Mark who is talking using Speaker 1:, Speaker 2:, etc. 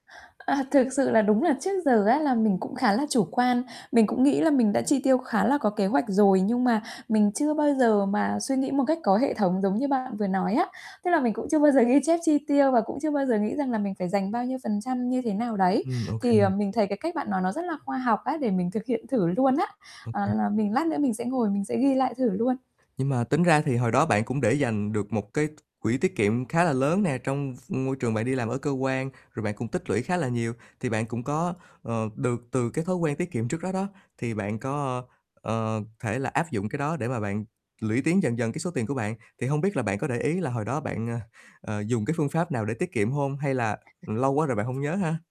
Speaker 1: À, thực sự là đúng là trước giờ á là mình cũng khá là chủ quan, mình cũng nghĩ là mình đã chi tiêu khá là có kế hoạch rồi, nhưng mà mình chưa bao giờ mà suy nghĩ một cách có hệ thống giống như bạn vừa nói á. Tức là mình cũng chưa bao giờ ghi chép chi tiêu và cũng chưa bao giờ nghĩ rằng là mình phải dành bao nhiêu phần trăm như thế nào đấy.
Speaker 2: Ừm, ô
Speaker 1: Thì, à,
Speaker 2: kê.
Speaker 1: mình thấy cái cách bạn nói nó rất là khoa học á, để mình thực hiện thử luôn á.
Speaker 2: Ô kê.
Speaker 1: Ờ, là mình lát nữa mình sẽ ngồi mình sẽ ghi lại thử luôn.
Speaker 2: Nhưng mà tính ra thì hồi đó bạn cũng để dành được một cái t quỹ tiết kiệm khá là lớn nè trong v môi trường bạn đi làm ở cơ quan, rồi bạn cũng tích lũy khá là nhiều. Thì bạn cũng có, ờ, được từ cái thói quen tiết kiệm trước đó đó, thì bạn có, ờ, thể là áp dụng cái đó để mà bạn lũy tiến dần dần cái số tiền của bạn. Thì hông biết là bạn có để ý là hồi đó bạn, ờ, ờ, dùng cái phương pháp nào để tiết kiệm hông hay là lâu quá rồi bạn hông nhớ ha?